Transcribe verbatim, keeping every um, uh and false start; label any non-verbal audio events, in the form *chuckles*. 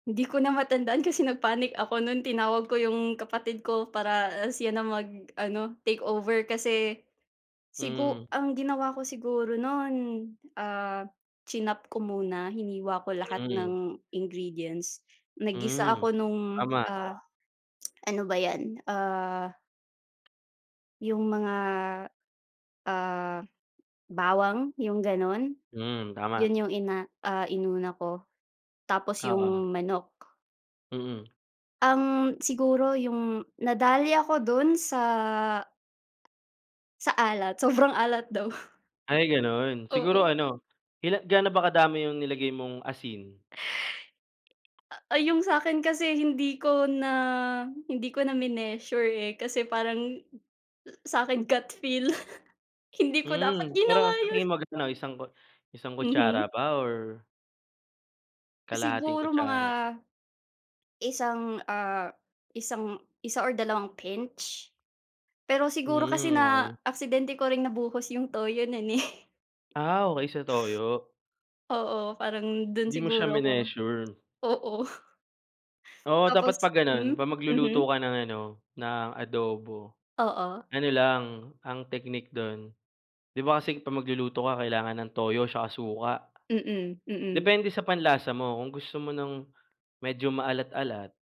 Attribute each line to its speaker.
Speaker 1: Hindi ko na matandaan kasi nag-panic ako nun tinawag ko 'yung kapatid ko para siya na mag-ano take over kasi, sigu
Speaker 2: Mm.
Speaker 1: ang ginawa ko siguro nun, ah, chinop ko muna, hiniwa ko lahat
Speaker 2: Mm.
Speaker 1: ng ingredients, naggisa
Speaker 2: Mhm,
Speaker 1: ako nung,
Speaker 2: tama.
Speaker 1: ah, *clicks tongue* ano ba yan, ah 'Yung mga, ah, bawang 'yung ganun.
Speaker 2: Hmm, tama
Speaker 1: 'Yun 'yung ina ah, inuna ko, tapos
Speaker 2: Oo.
Speaker 1: 'yung manok.
Speaker 2: Mm.
Speaker 1: Ang siguro 'yung nadali ako dun sa sa alat, sobrang alat daw.
Speaker 2: Ay ganun, siguro
Speaker 1: Oo.
Speaker 2: ano, ila ga'no ba kadami 'yung nilagay mong asin?
Speaker 1: Ah, ah 'yung sa'kin kasi hindi ko na hindi ko na mineasure eh, kasi parang, sa'kin gut feel. *chuckles* Hindi ko dapat
Speaker 2: Hmm, pero
Speaker 1: ginawa
Speaker 2: sa
Speaker 1: 'yun.
Speaker 2: tingin mag-ano isang kut isang kutsara
Speaker 1: Mhm.
Speaker 2: ba or Kalahating
Speaker 1: Siguro mga,
Speaker 2: kutsara.
Speaker 1: Isang, ah, isang isa or dalawang pinch. Pero siguro kasi
Speaker 2: Hmm, okey.
Speaker 1: na-aksidente ko ring nabuhos 'yung toyo nun eh. *chuckles*
Speaker 2: Ah, okey sa toyo.
Speaker 1: Oo, parang dun
Speaker 2: Hindi mo siya
Speaker 1: siguro ako
Speaker 2: mineasure.
Speaker 1: oo.
Speaker 2: Oo dapat
Speaker 1: Tapos
Speaker 2: 'pag ganun,
Speaker 1: hmm,
Speaker 2: 'pag magluluto
Speaker 1: mhm.
Speaker 2: ka ng ano ng adobo.
Speaker 1: Oo.
Speaker 2: Ano lang, ang teknik dun, 'di ba kasi 'pag magluluto ka kailangan ng toyo 'tsaka suka,
Speaker 1: Mm, mm.
Speaker 2: depende sa panlasa mo kung gusto mo ng medyo maalat-alat